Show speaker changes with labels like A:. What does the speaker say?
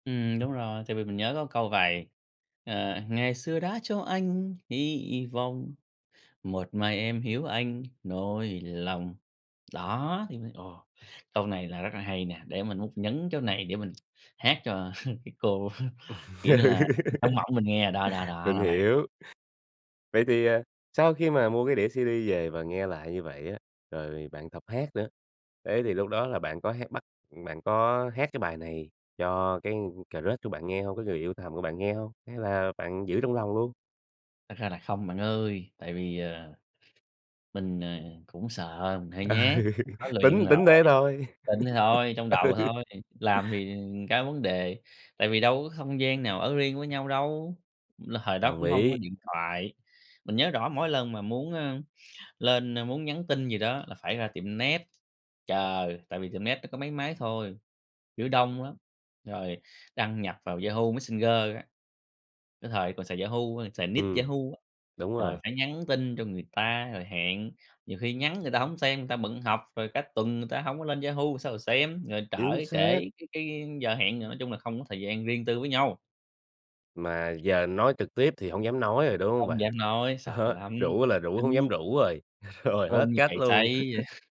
A: Ừm, đúng rồi. Tại vì mình nhớ có câu vậy, ờ, ngày xưa đã cho anh hy vọng, một mai em hiểu anh nỗi lòng. Đó, thì mới ồ, câu này là rất là hay nè, để mình múc nhấn chỗ này, để mình hát cho cái cô, kiểu như là, trong mộng mình nghe. Đó, đó, đó
B: Mình
A: là vậy.
B: hiểu. Vậy thì, à, sau khi mà mua cái đĩa CD về và nghe lại như vậy á, rồi bạn tập hát nữa. Thế thì lúc đó là bạn có hát bắt ừm, bạn có hát cái bài này cho cái crush của bạn nghe hông, cái người yêu thầm của bạn nghe hông, hay là bạn giữ trong lòng luôn?
A: Thật ra là không, bạn ơi. Tại vì, ờ, mình, ờ, cũng sợ mình hơi
B: Ừ,
A: nhát. Có luyện
B: tính tính thế
A: rồi,
B: thôi.
A: tính thế thôi, trong đầu
B: Ừ.
A: thôi, làm thì, ừm, ra vấn đề. Tại vì đâu có không gian nào ở riêng với nhau đâu, l hồi đó
B: Đồng
A: cũng hông có
B: ý.
A: điện thoại. Mình nhớ rõ mỗi lần mà muốn, ơ, lên, ơ, muốn nhắn tin gì đó là phải ra tiệm net chờ, tại vì tiệm net nó có mấy máy thôi, kiểu đông lắm, rồi đăng nhập vào Yahoo Messenger á. Cái thời còn xài Yahoo, xài nick
B: Ừm,
A: Yahoo á,
B: đúng
A: rồi
B: rồi.
A: phải nhắn tin cho người ta rồi hẹn. Nhiều khi nhắn người ta hổng xem, người ta bận học, rồi cả tuần người ta hổng có lên Yahoo rồi sao xem, rồi trở
B: Chính xác!
A: trễ cái cái giờ hẹn nữa. Nói chung là không có thời gian riêng tư với nhau.
B: Mà giờ nói trực tiếp thì hổng dám nói rồi, đúng hông
A: Không
B: bạn?
A: dám nói, sợ
B: Đó,
A: lắm,
B: rủ là rủ hông dám
A: tính
B: rủ rồi, rồi
A: Run
B: hết
A: như
B: cách
A: cầy
B: luôn.
A: sấy vậy.